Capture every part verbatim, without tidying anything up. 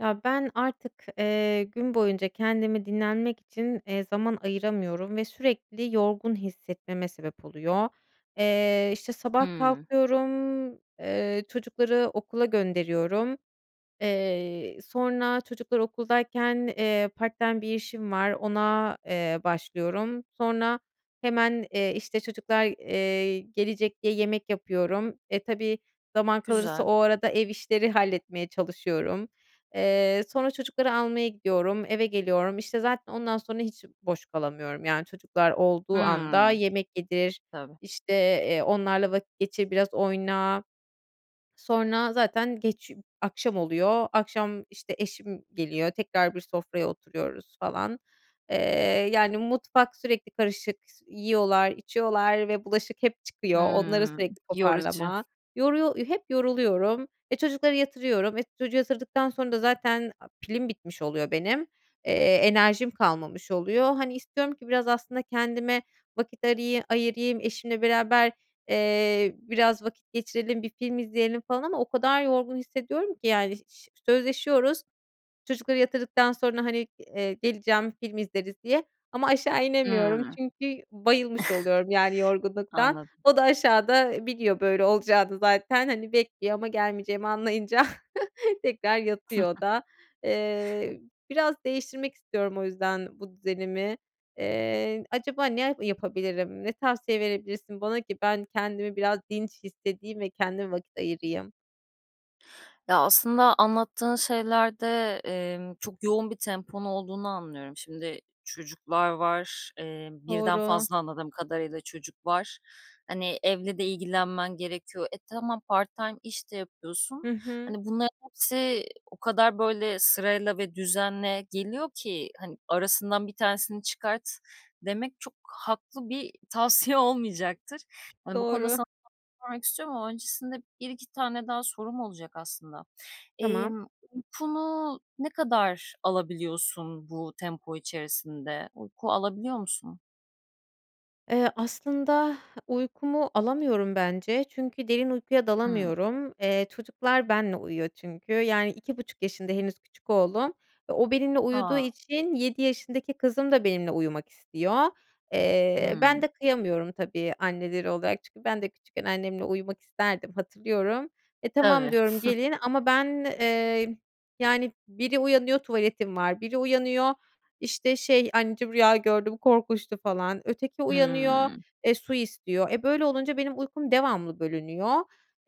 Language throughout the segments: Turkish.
Ya ben artık, eee, gün boyunca kendimi dinlenmek için, eee, zaman ayıramıyorum ve sürekli yorgun hissetmeme sebep oluyor. Eee, işte, sabah Hımm. kalkıyorum, eee, çocukları okula gönderiyorum. Eee, sonra çocuklar okuldayken, eee, part-time bir işim var; ona, eee, başlıyorum. Sonra hemen, eee, işte, çocuklar, eee, gelecek diye yemek yapıyorum. E, tabii zaman kalırsa Güzel. o arada ev işleri halletmeye çalışıyorum. Eee, sonra çocukları almaya gidiyorum. Eve geliyorum işte, zaten ondan sonra hiç boş kalamıyorum. Yani çocuklar olduğu anda Hımm. yemek yedir, Tabii. işte, eee, onlarla vakit geçir, biraz oyna. Sonra zaten geç ü akşam oluyor. Akşam, işte, eşim geliyor tekrar; bir sofraya oturuyoruz falan. Eee, yani, mutfak sürekli karışık. S yiyorlar içiyorlar ve bulaşık hep çıkıyor; onları Hımm, sürekli yorucu. toparlama. Yoruyor eee, hep yoruluyorum. E, çocukları yatırıyorum; e, çocuğu yatırdıktan sonra da zaten, aaa, pilim bitmiş oluyor benim. Eee, enerjim kalmamış oluyor. Hani, istiyorum ki biraz aslında kendime vakit arıyı ayırayım; eşimle beraber, eee, biraz vakit geçirelim, bir film izleyelim falan ama o kadar yorgun hissediyorum ki yani, ş ş sözleşiyoruz çocukları yatırdıktan sonra hani, eee, geleceğim, film izleriz diye ama aşağı inemiyorum Hımm. çünkü bayılmış oluyorum yani, yorgunluktan. Anladım. O da aşağıda, eee, biliyor böyle olacağını zaten hani, bekliyor ama gelmeyeceğimi anlayınca tekrar yatıyor o da. Eee, biraz değiştirmek istiyorum o yüzden bu düzenimi. Eee, acaba ne a yapabilirim? Ne tavsiye verebilirsin bana ki ben kendimi biraz dinç hissedeyim ve kendime vakit ayırayım. Ya, aslında anlattığın şeylerde, emm, çok yoğun bir temponun olduğunu anlıyorum. Şimdi çocuklar var, eee, birden Doğru. fazla anladığım kadarıyla çocuk var. Hani, evle de ilgilenmen gerekiyor. E, tamam, part time iş de yapıyorsun. Hı hı. Hani, bunların hepsi o kadar, böyle, sırayla ve düzenle geliyor ki, hani, "Αrasından bir tanesini çıkart." demek çok haklı bir tavsiye olmayacaktır. Hani, bu konuda Doğru. sana sormak istiyorum ama öncesinde bir iki tane daha sorum olacak aslında. Tamam. Emm, uykunu ne kadar alabiliyorsun bu tempo içerisinde? Uyku alabiliyor musun? Eee, aslında uykumu alamıyorum bence çünkü derin uykuya Hıı. dalamıyorum. Eee, çocuklar benimle uyuyor çünkü. Yani iki buçuk yaşında henüz küçük oğlum ve o benimle uyuduğu A! için, yedi yaşındaki kızım da benimle uyumak istiyor. Eee, ben Hıı. de kıyamıyorum tabii anneleri olarak. Çünkü ben de küçükken annemle uyumak isterdim, hatırlıyorum. "E, Tabii. tamam," diyorum, "gelin." Αma ben, eee, yani biri uyanıyor, "Τuvaletim var." Βiri uyanıyor, işte, şey, "Αnneciğim rüya gördüm, korkunçtu." falan. Öteki uyanıyor, Hıı. eee, su istiyor. E, böyle olunca benim uykum devamlı bölünüyor.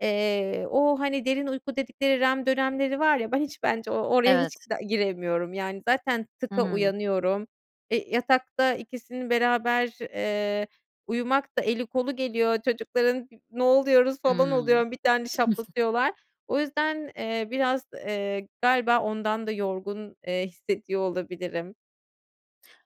Eee, o, hani, derin uyku dedikleri REM dönemleri var ya, ben hiç bence o oraya hiç Evet. giremiyorum. Yani zaten "tık"a Hıı. uyanıyorum. Eee, yatakta ikisinin beraber, eee, uyumak da eli kolu geliyor çocukların, ne oluyoruz falan Hıı. oluyorum, bir tane şaplatıyorlar. O yüzden, eee, biraz, eee, galiba ondan da yorgun, eee, hissediyor olabilirim.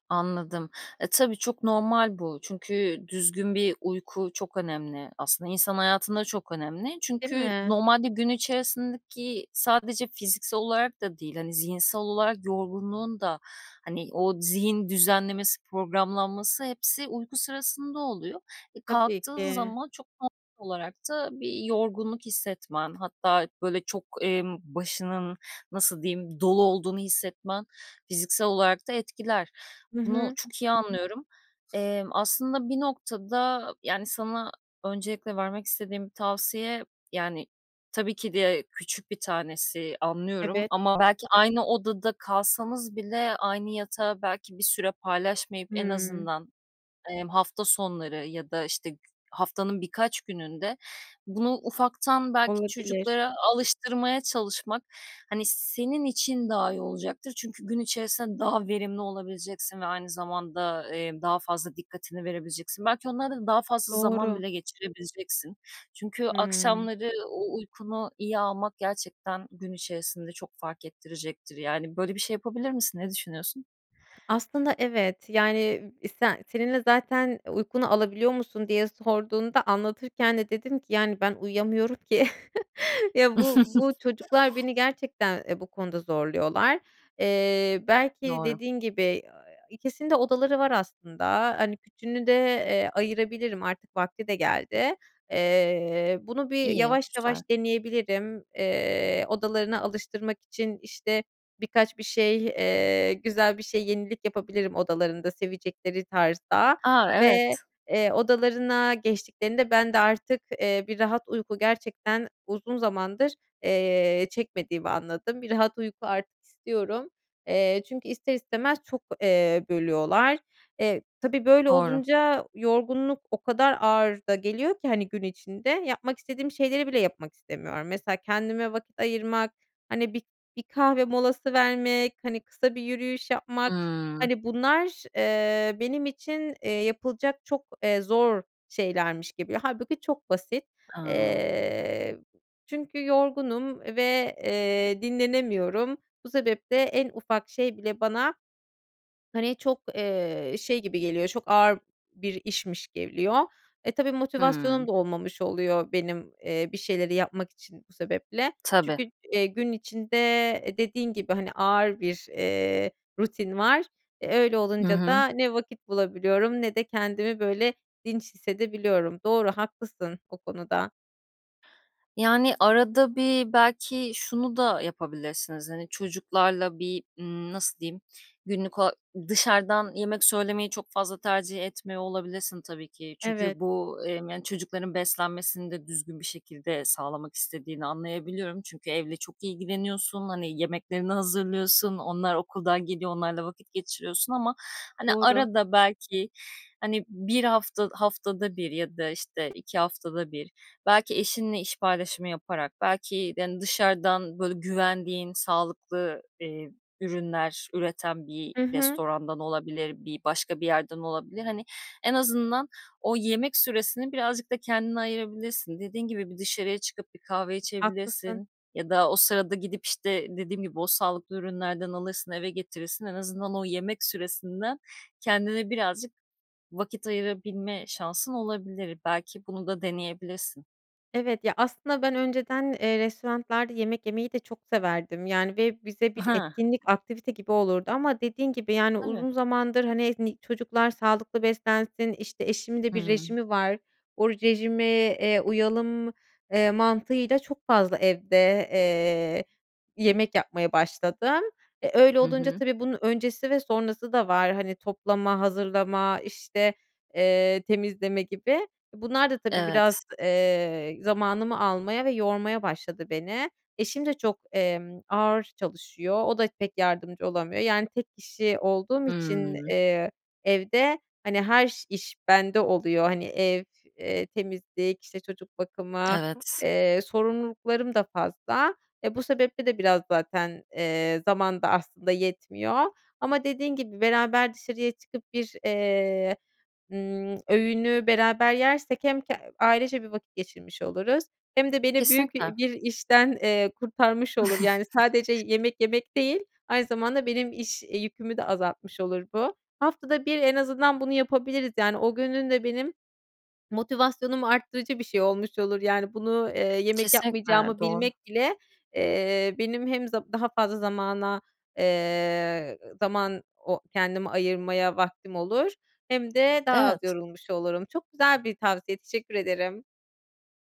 Anladım. E, tabii çok normal bu. Çünkü düzgün bir uyku çok önemli, aslında insan hayatında çok önemli. Değil Çünkü mi? normalde gün içerisindeki sadece fiziksel olarak da değil, hani, zihinsel olarak yorgunluğun da, hani, o zihin düzenlemesi, programlanması hepsi uyku sırasında oluyor. E, Tabii kalktığın ki. zaman çok normal olarak da bir yorgunluk hissetmen, hatta böyle çok, emm, başının nasıl diyeyim, dolu olduğunu hissetmen fiziksel olarak da etkiler. Hı Bunu hı. çok iyi anlıyorum. Eee, aslında bir noktada, yani sana öncelikle vermek istediğim bir tavsiye, yani, tabii ki de küçük bir tanesi, anlıyorum Evet. ama belki aynı odada kalsanız bile aynı yatağı belki bir süre paylaşmayıp, en Hımm. azından, emm, hafta sonları ya da g işte haftanın birkaç gününde bunu ufaktan belki Olabilir. çocuklara alıştırmaya çalışmak, hani, senin için daha iyi olacaktır çünkü gün içerisinde daha verimli olabileceksin ve aynı zamanda, eee, daha fazla dikkatini verebileceksin. Belki onlarla da daha fazla zaman Doğru. bile geçirebileceksin. Çünkü Hımm. akşamları o uykunu iyi almak gerçekten gün içerisinde çok fark ettirecektir. Yani, böyle bir şey yapabilir misin? Ne düşünüyorsun? Aslında evet, yani, e sen senin de zaten uykunu alabiliyor musun diye sorduğunda anlatırken de dedim ki, yani, ben uyuyamıyorum ki. Ya, bu bu çocuklar beni gerçekten, eee, bu konuda zorluyorlar. Eee, belki Doğru. dediğin gibi, ikisinin de odaları var, aslında. Hani, küçüğünü de, eee, ayırabilirim artık vakti de geldi. Eee, bunu bir İyi, yavaş güzel. yavaş deneyebilirim. Eee, odalarına alıştırmak için, işte, birkaç bir şey, eee, güzel bir şey, yenilik yapabilirim odalarında sevecekleri tarzda A! ve, Evet. eee, odalarına geçtiklerinde ben de artık, eee, bir rahat uyku gerçekten uzun zamandır, eee, çekmediğimi anladım. Bir rahat uyku artık istiyorum. Eee, çünkü ister istemez çok, eee, bölüyorlar. Eee, tabii böyle Doğru. olunca yorgunluk o kadar ağır da geliyor ki hani, gün içinde yapmak istediğim şeyleri bile yapmak istemiyorum. Mesela, kendime vakit ayırmak, hani, bir bir kahve molası vermek, hani, kısa bir yürüyüş yapmak, Hımm. hani, bunlar, eee, benim için, eee, yapılacak çok, eee, zor şeylermiş gibi. Hâlbuki çok basit. A! Eee, çünkü yorgunum ve, eee, dinlenemiyorum. Bu sebeple en ufak şey bile bana, hani, çok, eee, şey gibi geliyor çok ağır bir işmiş geliyor. E, tabii Hımm. motivasyonum da olmamış oluyor benim, eee, bir şeyleri yapmak için bu sebeple. Tabii. Çünkü, eee, gün içinde, eee, dediğin gibi, hani, ağır bir, eee, rutin var. Eee, öyle Hı olunca hı. da ne vakit bulabiliyorum ne de kendimi böyle dinç hissedebiliyorum. Doğru, haklısın o konuda. Yani, arada bir belki şunu da yapabilirsiniz, hani, çocuklarla bir, ımm, nasıl diyeyim, günlük o dışarıdan yemek söylemeyi çok fazla tercih etmiyor olabilirsin tabii ki. Evet. Çünkü bu, emm, yani, çocukların beslenmesini de düzgün bir şekilde sağlamak istediğini anlayabiliyorum çünkü evle çok ilgileniyorsun, hani, yemeklerini hazırlıyorsun, onlar okuldan geliyor onlarla vakit geçiriyorsun ama, hani, Doğru. arada belki, hani, bir hafta haftada bir ya da, işte, iki haftada bir, belki eşinle iş paylaşımı yaparak belki, hani, dışarıdan böyle güvendiğin sağlıklı, eee, ürünler üreten bir Hı hı. restorandan olabilir, bir başka bir yerden olabilir. Hani, en azından o yemek süresini birazcık da kendine ayırabilirsin. Dediğin gibi bir dışarıya çıkıp bir kahve Haklısın. içebilirsin ya da o sırada gidip, işte, dediğim gibi o sağlıklı ürünlerden alırsın, eve getirirsin, en azından o yemek süresinden kendine birazcık vakit ayırabilme şansın olabilir. Belki bunu da deneyebilirsin. Evet ya, aslında ben önceden, eee, restoranlarda yemek yemeyi de çok severdim. Yani ve bize I bir ha. etkinlik, aktivite gibi olurdu ama dediğin gibi, yani Tabii. uzun zamandır, hani, ni çocuklar sağlıklı beslensin, işte, eşimin de bir Hıı. rejimi var, o rejime, eee, uyalım, eee, mantığıyla çok fazla evde, eee, yemek yapmaya başladım. E öyle Hı olunca hı. tabii bunun öncesi ve sonrası da var. Hani, toplama, hazırlama, işte, eee, temizleme gibi. Bunlar da tabii biraz, Evet. eee, zamanımı almaya ve yormaya başladı beni. Eşim de çok, emm, ağır çalışıyor, o da pek yardımcı olamıyor yani; tek kişi olduğum için, Hımm. eee, evde, hani, her ş iş bende oluyor; hani, ev, eee, temizlik işte çocuk bakımı, Evet. eee, sorumluluklarım da fazla. E, bu sebeple de biraz zaten, eee, zaman da aslında yetmiyor. Ama dediğin gibi, beraber dışarıya çıkıp bir, eee, ımm, öğünü beraber yersek hem k ailece bir vakit geçirmiş oluruz hem de beni büyük, Kesinlikle. iii, bir işten, eee, kurtarmış olur. Yani sadece yemek yemek değil, aynı zamanda benim iş, iii, yükümü de azaltmış olur bu. Haftada bir en azından bunu yapabiliriz yani. O günün de benim motivasyonumu arttırıcı bir şey olmuş olur. Yani bunu, eee, yemek Kesinlikle, yapmayacağımı doğru. bilmek bile, eee, benim hem z daha fazla zamana, eee, zaman o kendimi ayırmaya vaktim olur hem de daha az Evet. yorulmuş olurum. Çok güzel bir tavsiye, teşekkür ederim.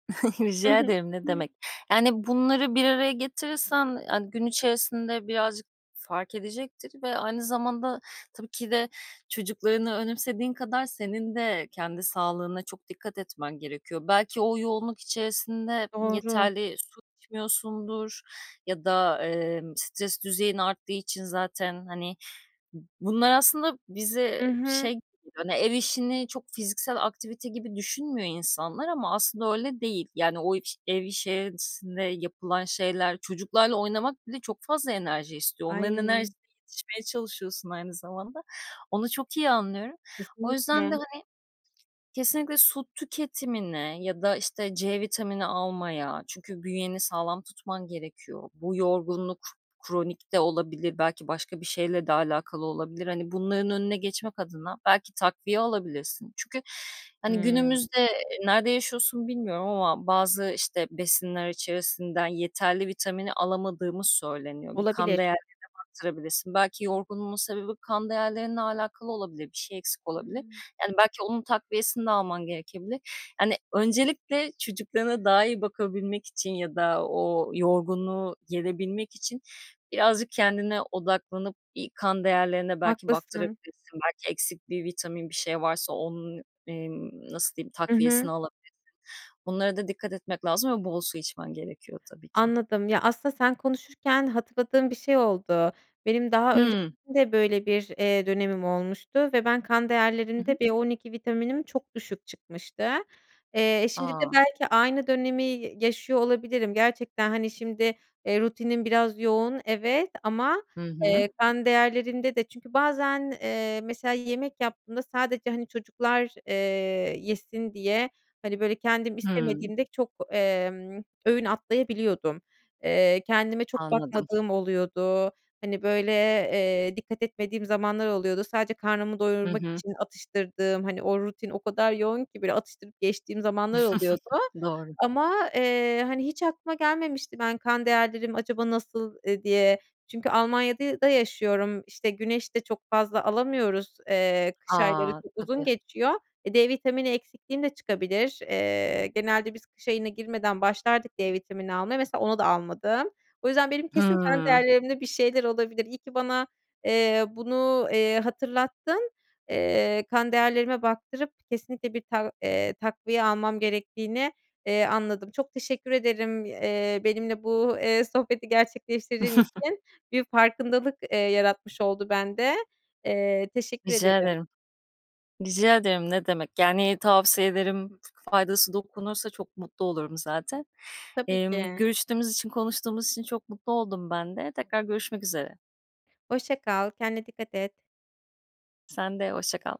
Hı Rica hı. ederim, ne demek. Yani bunları bir araya getirirsen, hani, gün içerisinde birazcık fark edecektir ve aynı zamanda tabii ki de, çocuklarını önemsediğin kadar senin de kendi sağlığına çok dikkat etmen gerekiyor. Belki o yoğunluk içerisinde Doğru. yeterli su içmiyorsundur ya da, emm, stres düzeyin arttığı için zaten, hani Bunlar aslında bize I hı. şey, ev işini çok fiziksel aktivite gibi düşünmüyor insanlar ama aslında öyle değil, yani o ev işerisinde yapılan şeyler, çocuklarla oynamak bile çok fazla enerji istiyor. Onların Ay! enerjisine yetişmeye çalışıyorsun aynı zamanda. Onu çok iyi anlıyorum. O yüzden de, Kesinlikle. hani, kesinlikle su tüketimine ya da, işte, c vitamini almaya çünkü bünyeni sağlam tutman gerekiyor, bu yorgunluk kronik de olabilir, belki başka bir şeyle de alakalı olabilir, hani, bunların önüne geçmek adına belki takviye alabilirsin. Çünkü, hani, Hımm. günümüzde, eee, nerede yaşıyorsun bilmiyorum ama bazı işte besinler içerisinden yeterli vitamini alamadığımız söyleniyor. Bir kan Olabilir. değerlerine baktırabilirsin, belki yorgunluğun sebebi kan değerlerinle alakalı olabilir. Bir şey eksik olabilir. Hıı. Yani belki onun takviyesini de alman gerekebilir, hani, öncelikle çocuklarına daha iyi bakabilmek için ya da o yorgunluğu gerebilmek için birazcık kendine odaklanıp bir kan değerlerine belki Haklısın. baktırabilirsin. Belki eksik bir vitamin, bir şey varsa onun, emm, nasıl diyeyim, Hı hı. takviyesini alabilirsin. Onlara da dikkat etmek lazım ve bol su içmen gerekiyor tabii ki. Anladım. Ya, aslında sen konuşurken hatırladığım bir şey oldu. Benim daha önce Hıı. de böyle bir dönemim olmuştu ve ben kan Hı hı. değerlerinde B-12 vitaminim çok düşük çıkmıştı. Eee, şimdi de A! belki aynı dönemi ya yaşıyor olabilirim. Gerçekten, hani, şimdi, eee, rutinim biraz yoğun, evet, ama, Hı hı. eee, kan değerlerinde de çünkü bazen, eee, mesela yemek yaptığımda sadece, han,i çocuklar, eee, yesin diye, hani, böyle, kendim Hımm. istemediğim de çok, emm, öğün atlayabiliyordum. Eee, kendime çok Anladım. bakmadığım oluyordu. Hani, böyle, eee, dikkat etmediğim zamanlar oluyordu. Sadece karnımı Hı doyurmak hı. için atıştırdığım, hani, o rutin o kadar yoğun ki, böyle, atıştırıp geçtiğim zamanlar oluyordu. Doğru. Ama, eee, hani, hiç aklıma gelmemişti ben kan değerlerim acaba nasıl, eee, diye? Çünkü Almanya'da da yaşıyorum; işte, güneş de çok fazla alamıyoruz, eee, kış ayları A! çok uzun Tabii. geçiyor. E, D vitamini eksikliğim de çıkabilir. Eee, genelde biz kış ayına girmeden başlardık D vitamini almaya. Mesela onu da almadım. O yüzden benim kesin kan Hımm. değerlerimde bir şeyler olabilir. İyi ki bana, eee, bunu, eee, hatırlattın. Eee, kan değerlerime baktırıp kesinlikle bir tak eee, takviye almam gerektiğini, eee, anladım. Çok teşekkür ederim, eee, benimle bu, eee, sohbeti gerçekleştirdiğin için. Bir farkındalık, eee, yaratmış oldu bende. Eee, teşekkür Rica ederim. ederim, rica ederim. Ne demek? Yani tavsiye ederim, f faydası dokunursa çok mutlu olurum zaten. Tabii Emm, ki. görüştüğümüz için, konuştuğumuz için çok mutlu oldum ben de. Tekrar görüşmek üzere. Hoşça kal, kendine dikkat et. Sen de hoşça kal.